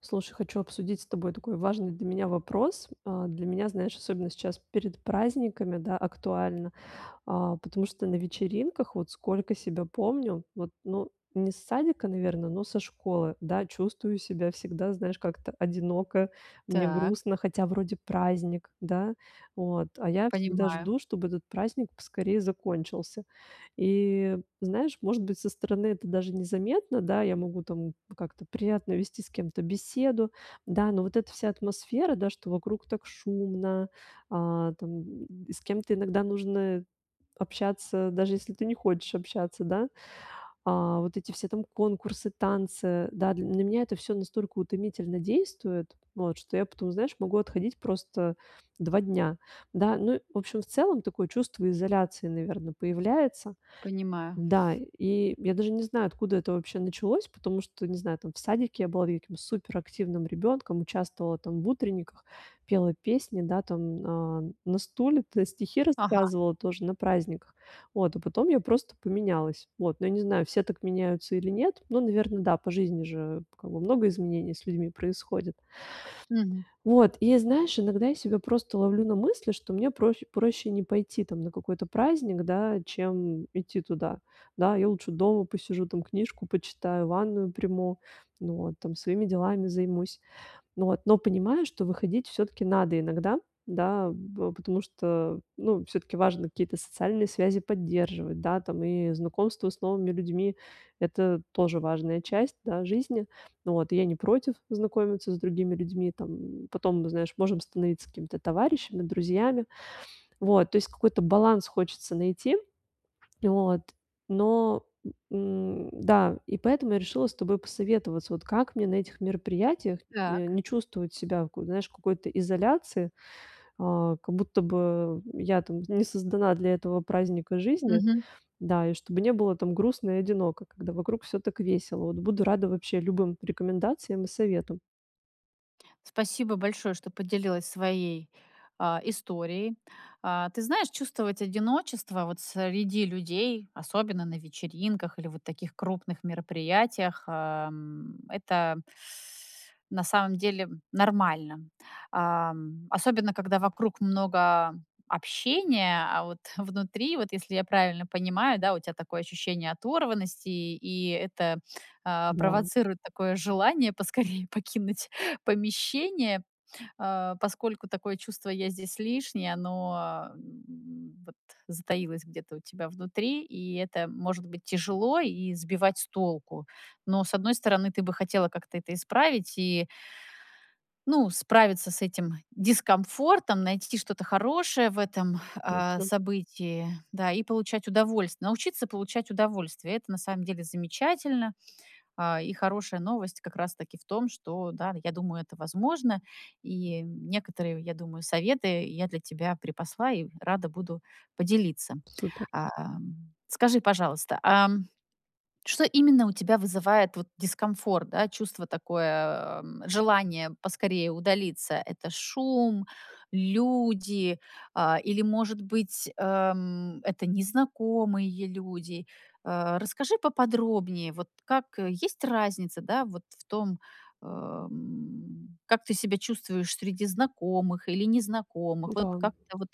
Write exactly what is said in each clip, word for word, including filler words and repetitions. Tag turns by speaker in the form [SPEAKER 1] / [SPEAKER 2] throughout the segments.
[SPEAKER 1] Слушай, хочу обсудить с тобой, такой важный для меня вопрос. А, для меня, знаешь, особенно сейчас перед праздниками, да, актуально. А, потому что на вечеринках, вот, сколько себя помню. Вот ну, не с садика, наверно, но со школы, да. Чувствую себя всегда, знаешь, как-то одиноко, мне
[SPEAKER 2] Так.
[SPEAKER 1] грустно, хотя вроде праздник, да. Вот. А я всегда
[SPEAKER 2] Понимаю.
[SPEAKER 1] жду, чтобы этот праздник поскорее закончился. И, знаешь, может быть, со стороны это даже незаметно, да, я могу там, как-то, приятно вести с кем-то беседу, да. Но, вот, эта вся атмосфера, да, что вокруг так шумно, а, там, м, с кем-то иногда нужно общаться, даже если ты не хочешь общаться, да. А, вот, эти все там конкурсы, танцы, да, для на меня это всё настолько утомительно действует, вот. Что я потом, знаешь, могу отходить просто два дня, да. Ну, в общем, в целом такое чувство изоляции, наверно, появляется.
[SPEAKER 2] Понимаю.
[SPEAKER 1] Да, и я даже не знаю, откуда это вообще началось. Потому что, не знаю, там, в садике я была, я каким-то суперактивным ребёнком, участвовала там в утренниках, пела песни, да, там, а, на стуле-то стихи
[SPEAKER 2] Ага.
[SPEAKER 1] рассказывала тоже, на праздниках, вот. А потом я просто поменялась, вот. Но я не знаю, все так меняются или нет. Но, наверно, да, по жизни же, как бы, много изменений с людьми происходит.
[SPEAKER 2] Мгм.
[SPEAKER 1] Вот и я, знаешь, иногда я себя просто ловлю на мысли, что мне проще, проще не пойти там на какой-то праздник, да, чем идти туда. Да, я лучше дома посижу, там, книжку почитаю, ванную приму. Ну вот, там своими делами займусь. Ну вот, но понимаю, что выходить всё-таки надо иногда, да б потому что, ну, всё-таки, важно какие-то социальные связи поддерживать, да, там, и знакомство с новыми людьми- это тоже важная часть, да, жизни. Ну вот. И я не против знакомиться с другими людьми. Там, м, потом, знаешь, можем становиться какими-то товарищами, друзьями. Вот. То есть, какой-то баланс хочется найти. Вот. Но, н н да. И поэтому я решила с тобой посоветоваться, вот как мне на этих мероприятиях э,
[SPEAKER 2] Так.
[SPEAKER 1] не чувствовать себя, ку знаешь, в какой-то изоляции. А, как будто бы, э, я, там, не создана для этого праздника жизни.
[SPEAKER 2] Мгм.
[SPEAKER 1] Да. И чтобы не было, там, грустно и одиноко, когда вокруг всё так весело. Вот буду рада вообще любым рекомендациям и советам.
[SPEAKER 2] Спасибо большое, что поделилась своей, а историей. А, ты знаешь, чувствовать одиночество, вот среди людей, особенно на вечеринках, или вот таких крупных мероприятиях, ам, это на самом деле нормально. Ам, особенно, когда вокруг много общения, а вот внутри, вот, если я правильно понимаю, да, у тя такое ощущение оторванности, и и это, а,
[SPEAKER 1] Да.
[SPEAKER 2] провоцирует такое желание- поскорее покинуть помещение, а, поскольку такое чувство "я здесь лишний", оно, м, вот, затаилось где-то у тебя внутри, и это, может быть, тяжело и сбивать с толку. Но, с одной стороны, ты бы хотела как-то это исправить и ну, справиться с этим дискомфортом, найти что-то хорошее в этом, а,
[SPEAKER 1] Точно.
[SPEAKER 2] событии, да, и получать удовольствие. Научиться получать удовольствие- это на самом деле замечательно, а, и хорошая новость, как раз-таки, в том, что, да, н я думаю, это возможно, и некоторые, я думаю, советы я для тебя припасла, и рада буду поделиться.
[SPEAKER 1] Супер.
[SPEAKER 2] А, ам, скажи, пожалуйста, ам, что, именно, у тебя вызывает, вот, дискомфорт, да? Чувство такое, эм, желание поскорее удалиться? Это шум, люди, а, или, может быть, эм, это незнакомые люди? А, расскажи поподробнее, вот как, э, есть разница, да, вот в том, ам, как ты себя чувствуешь среди знакомых или незнакомых, вот,
[SPEAKER 1] М-да.
[SPEAKER 2] как-то, вот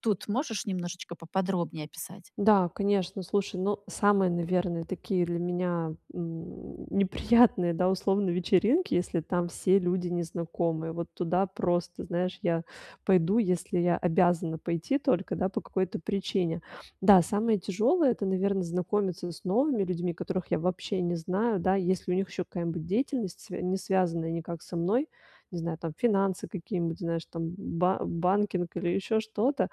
[SPEAKER 2] тут, можешь немножечко поподробнее описать?
[SPEAKER 1] Да, конечно, слушай, ну, самые, наверное, такие для меня, м, неприятные, да, условно, вечеринки, если там все люди незнакомые. Вот туда, просто, знаешь, я пойду, если я обязана пойти только, да, по какой-то причине. Да, самое тяжёлое- это, наверно, знакомиться с новыми людьми, которых я вообще не знаю, да, если у них ещё какая-нибудь деятельность, свя не связанная никак со мной, не знаю, там, финансы какие-нибудь, знаешь, там, ба банкинг или ещё что-то,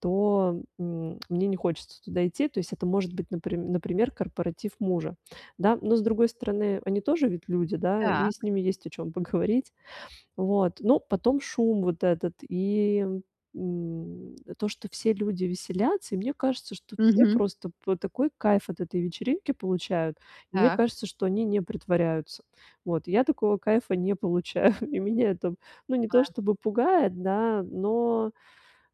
[SPEAKER 1] то, м мне не хочется туда идти. То есть это может быть, наприм например, корпоратив мужа, да, но, с другой стороны, они тоже ведь люди, да, и
[SPEAKER 2] Так.
[SPEAKER 1] с ними есть о чём поговорить. Вот, но потом шум вот этот и, м, то, что все люди веселятся. И мне кажется, что тут все
[SPEAKER 2] Мгм.
[SPEAKER 1] просто вот такой кайф от этой вечеринки получают. И мне
[SPEAKER 2] Так.
[SPEAKER 1] кажется, что они не притворяются. Вот, я такого кайфа не получаю. И меня это, ну, не то
[SPEAKER 2] Да.
[SPEAKER 1] чтобы пугает, да, но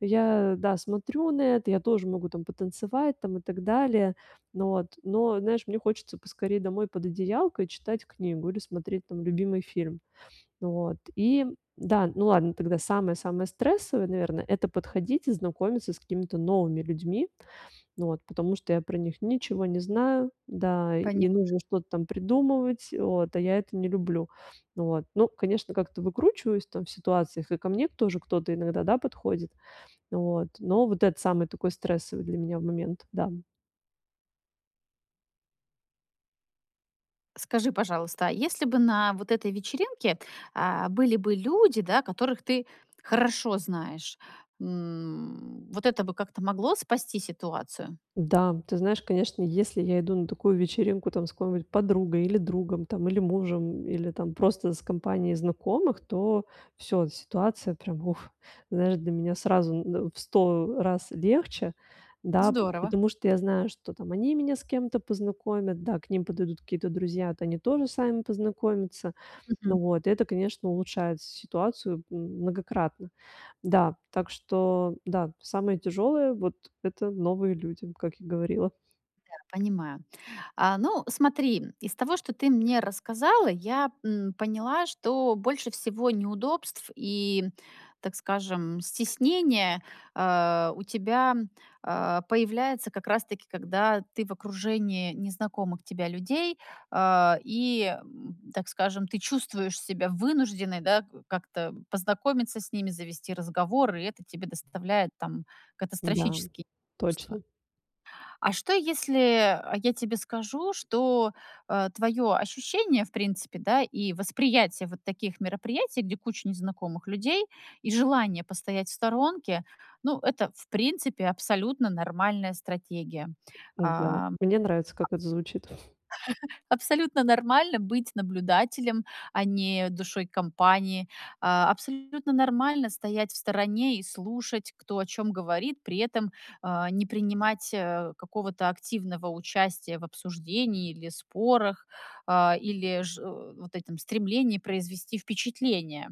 [SPEAKER 1] я, да, смотрю на это, я тоже могу там потанцевать там и так далее. Ну вот, но, знаешь, мне хочется поскорей домой под одеялко и читать книгу, или смотреть, там, любимый фильм. Вот, и да, ну ладно, тогда самое-самое стрессовое, наверное, это подходить и знакомиться с какими-то новыми людьми. Ну вот, потому что я про них ничего не знаю, да, и
[SPEAKER 2] Понимаю.
[SPEAKER 1] нужно что-то там придумывать, вот, а я это не люблю. Ну вот, ну, конечно, как-то выкручиваюсь, там, в ситуациях, и ко мне тоже кто-то, иногда, да, подходит. Вот, но вот это- самый такой стрессовый для меня момент, да.
[SPEAKER 2] Скажи, пожалуйста, а если бы на вот этой вечеринке, а, были бы люди, да, которых ты хорошо знаешь. М, вот это бы как-то могло спасти ситуацию?
[SPEAKER 1] Да, ты знаешь, конечно, если я иду на такую вечеринку там с какой-нибудь подругой или другом там, или мужем, или там просто с компанией знакомых, то всё, ситуация прям- вух! Знаешь, для меня сразу н э, в сто, э, раз легче, да. Пот
[SPEAKER 2] Здорово.
[SPEAKER 1] потому что я знаю, что там они меня с кем-то познакомят, да, к ним подойдут какие-то друзья, вот они тоже сами познакомятся.
[SPEAKER 2] Мгм.
[SPEAKER 1] Ну вот, и это, конечно, улучшает с ситуацию м многократно. Да, так что да, самое тяжелое- вот это новые люди, как я говорила.
[SPEAKER 2] Да. Понимаю. А, ну, смотри, из того, что ты мне рассказала, я, м, поняла, что больше всего неудобств и, так скажем, стеснения, э, у тебя, э, появляется, как раз таки когда ты в окружении незнакомых тебя людей, э, и, м, так скажем, ты чувствуешь себя вынужденной, да, э, как-то познакомиться с ними, завести разговор, и это тебе доставляет там
[SPEAKER 1] Да,
[SPEAKER 2] катастрофические неудобства.
[SPEAKER 1] точно.
[SPEAKER 2] А что если, э, я тебе скажу, что, э, твоё ощущение, в принципе, да, и восприятие вот таких мероприятий, где куча незнакомых людей, и желание постоять в сторонке- ну, это, в принципе, абсолютно нормальная стратегия.
[SPEAKER 1] Да,
[SPEAKER 2] А, абс
[SPEAKER 1] мне нравится, как это звучит.
[SPEAKER 2] абсолютно нормально быть наблюдателем, а не душой компании. Э, абсолютно нормально стоять в стороне и слушать, кто о чём говорит, при этом, э, не принимать, э, какого-то активного участия в обсуждении или спорах, э, или же вот этом стремлении произвести впечатление.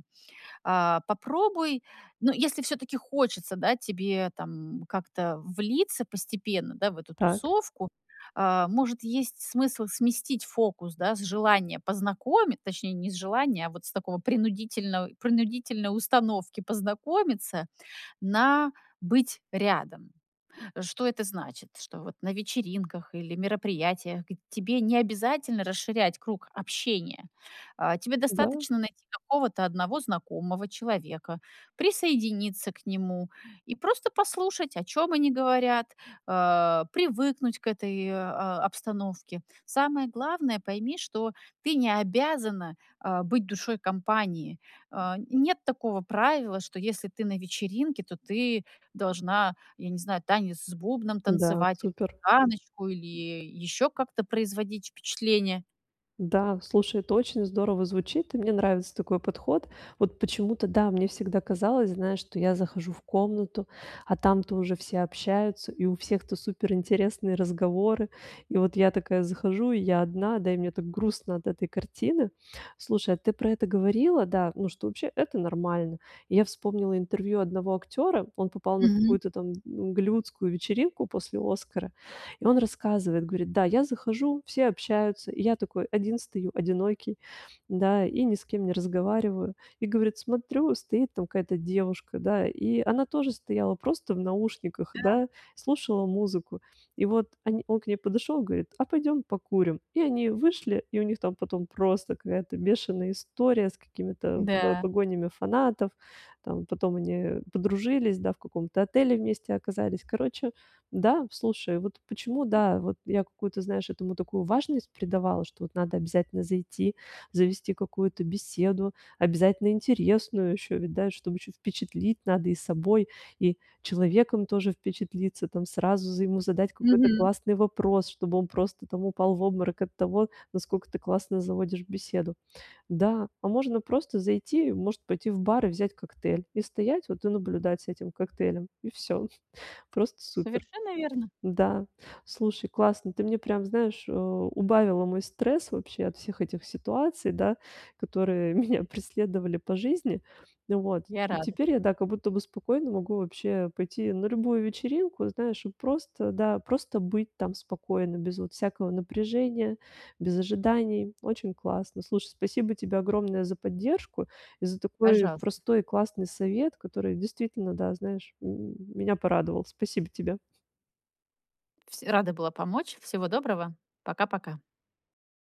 [SPEAKER 2] Э, попробуй, ну, если всё-таки хочется, да, тебе там как-то влиться постепенно, да, в эту
[SPEAKER 1] Так.
[SPEAKER 2] тусовку, э, может, есть смысл сместить фокус, да, с желания познакомит точнее, не с желания, а вот с такого принудительного принудительной установки познакомиться на "быть рядом". Э, что это значит? Что вот на вечеринках или мероприятиях г тебе не обязательно расширять круг общения, э, тебе
[SPEAKER 1] Да.
[SPEAKER 2] достаточно найти какого-то одного знакомого человека, присоединиться к нему- и просто послушать, о чём они говорят, э, привыкнуть к этой, э, обстановке. Самое главное: пойми, что ты не обязана, э, быть душой компании. Э, нет такого правила, что если ты на вечеринке, то ты должна, я не знаю, танец с бубном
[SPEAKER 1] Да,
[SPEAKER 2] танцевать или
[SPEAKER 1] супер.
[SPEAKER 2] цыганочку, или ещё как-то производить впечатление.
[SPEAKER 1] Да, слушай, это очень здорово звучит. И мне нравится такой подход. Вот почему-то, да, мне всегда казалось, знаешь, что я захожу в комнату, а там-то уже все общаются, и у всех-то суперинтересные разговоры. И вот я такая захожу, и я одна, да, и мне так грустно от этой картины. Слушай, а ты про это говорила, да, ну, что вообще это нормально. И я вспомнила интервью одного актера, он попал на
[SPEAKER 2] Мгм.
[SPEAKER 1] какую-то там голливудскую вечеринку после Оскара, и он рассказывает, говорит, да: "Я захожу, все общаются. И я такой один стою, одинокий, да, и ни с кем не разговариваю. И- говорит- смотрю, стоит там какая-то девушка, да". И она тоже стояла просто в наушниках,
[SPEAKER 2] Да.
[SPEAKER 1] да, слушала музыку. И вот они он к ней подошёл, говорит: "А пойдём покурим!" И они вышли, и у них там потом просто какая-то бешеная история с какими-то по
[SPEAKER 2] Да.
[SPEAKER 1] погонями фанатов. Там потом они, э, подружились, да, в каком-то отеле вместе оказались. Короче, да, слушай, вот почему,
[SPEAKER 2] М.
[SPEAKER 1] да, вот я какую-то, знаешь, этому такую важность придавала, что вот надо обязательно зайти, завести какую-то беседу, обязательно интересную ещё ведь, да, чтоб ещё впечатлить: надо и собой, и человеком тоже впечатлиться там, сразу за ему задать какой-то
[SPEAKER 2] Мгм.
[SPEAKER 1] классный вопрос, чтобы он просто там упал в обморок от того, насколько ты классно заводишь беседу. Да, а можно просто зайти, может быть, и в бар и взять коктейль- и стоять вот и наблюдать с этим коктейлем. И всё. Просто супер.
[SPEAKER 2] Совершенно верно.
[SPEAKER 1] Да, слушай, классно. Ты мне прям, знаешь, э, убавила мой стресс вообще от всех этих ситуаций, да, которые меня преследовали по жизни. М, вот.
[SPEAKER 2] Я
[SPEAKER 1] И
[SPEAKER 2] рада.
[SPEAKER 1] теперь я, да, как будто бы спокойно могу вообще пойти на любую вечеринку, знаешь, и просто, да, просто быть там спокойно без вот всякого напряжения, без ожиданий. Очень классно. Слушай, спасибо тебе огромное за поддержку и за такой
[SPEAKER 2] Пожалуйста.
[SPEAKER 1] простой и классный совет, который действительно, да, знаешь, м меня порадовал. Спасибо тебе.
[SPEAKER 2] Вс рада была помочь, всего доброго. Пока-пока.